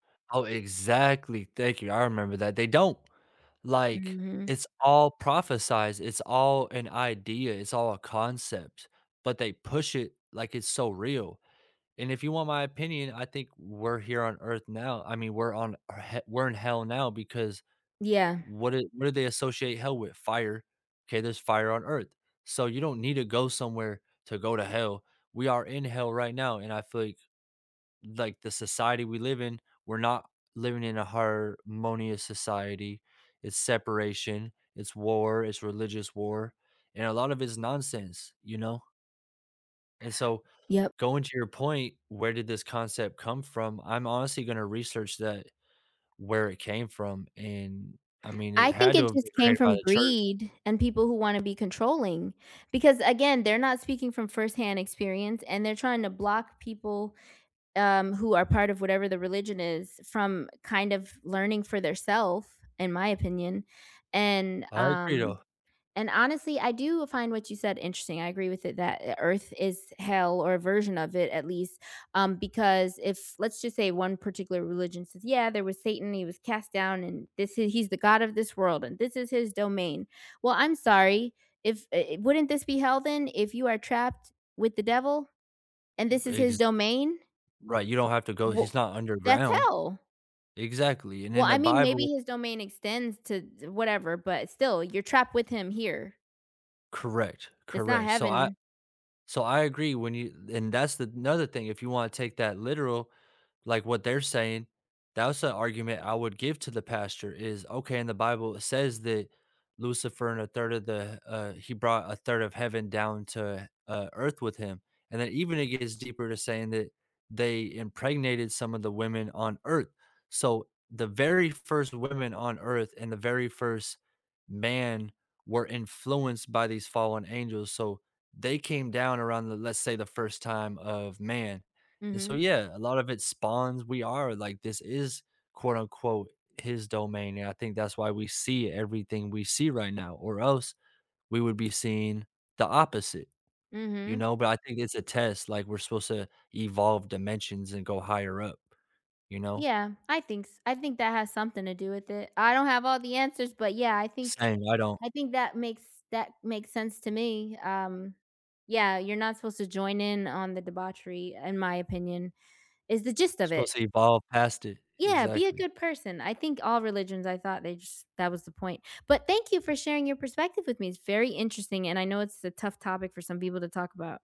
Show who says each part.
Speaker 1: Oh, exactly, thank you, I remember that. They don't, like,
Speaker 2: Mhm.
Speaker 1: it's all prophesied. It's all an idea. It's all a concept. But they push it like it's so real. And if you want my opinion, I think we're here on earth now. I mean, we're on he we're in hell now because
Speaker 2: Yeah.
Speaker 1: what i what they what associate hell with? Fire. 'Kay, there's fire on earth, so, you don't need to go somewhere to go to hell. We are in hell right now and I feel like like the society we live in, we're not living in a harmonious society. It's separation. It's war. It's religious war. And a lot of it is nonsense, you know? And so,
Speaker 2: Yep.
Speaker 1: going to your point, where did this concept come from? I'm honestly gonna research that, where it came from. And, I mean,
Speaker 2: I
Speaker 1: it
Speaker 2: think
Speaker 1: had to
Speaker 2: it
Speaker 1: have been
Speaker 2: just came
Speaker 1: created by
Speaker 2: from
Speaker 1: the church.
Speaker 2: greed and people who wanna be controlling. Because, again, they're not speaking from firsthand experience, and they're trying to block people, um, who are part of whatever the religion is from kind of learning for their self, in my opinion. And
Speaker 1: I agree
Speaker 2: um,
Speaker 1: though.
Speaker 2: and honestly, I do find what you said interesting. I agree with it that earth is hell or a version of it at least, um, because if let's just say 1 particular religion says, yeah, there was Satan. He was cast down, and this is he's the god of this world, and this is his domain. Well, I'm sorry, if, eh, wouldn't this be hell then if you are trapped with the devil and this is
Speaker 1: Ri
Speaker 2: his
Speaker 1: exac
Speaker 2: domain?
Speaker 1: right, you don't have to go.
Speaker 2: Wha
Speaker 1: He's not
Speaker 2: that's
Speaker 1: underground.
Speaker 2: hell!
Speaker 1: Exactly, and
Speaker 2: Well,
Speaker 1: in the
Speaker 2: I mean, maybe
Speaker 1: bible
Speaker 2: his domain extends to d whatever, but still, you're trapped with him here.
Speaker 1: Correct.
Speaker 2: It's not
Speaker 1: Correct. So I
Speaker 2: heaven.
Speaker 1: So I agree, when you and that's another thing, you wanna take that literal, like what they're saying, that's a argument I would give to the pastor is, okay, in the Bible it says that Lucifer and a third of the, uh, he brought a third of heaven down to, uh, earth with him. And then even it gets deeper to saying that they impregnated some of the women on earth. So, the very 1st women on earth and the very 1st man were influenced by these fallen angels, so they came down around, let's say, the first time of man. And so,
Speaker 2: Mhm.
Speaker 1: yeah a lot of it spawns, we are like, this is quote unquote "His domain," and I think that's why we see everything we see right now or else we would be seeing the opposite, you
Speaker 2: Mhm.
Speaker 1: know? But I think it's a test. Like, we're supposed to evolve dimensions and go higher up. You know?
Speaker 2: Yeah, I think s I think that has something to do with it. I don't have all the answers, but, yeah, I think
Speaker 1: Saying I don't
Speaker 2: I think that makes that makes sense to me, um, yeah, you're not supposed to join in on the debauchery in my opinion is the gist of
Speaker 1: supposed
Speaker 2: it.
Speaker 1: to evolve past it.
Speaker 2: Yeah, be a
Speaker 1: Exactly.
Speaker 2: good person. I think all religions, I thought jus that was the point. But thank you for sharing your perspective with me. It's very interesting and I know it's a tough topic for some people to talk about.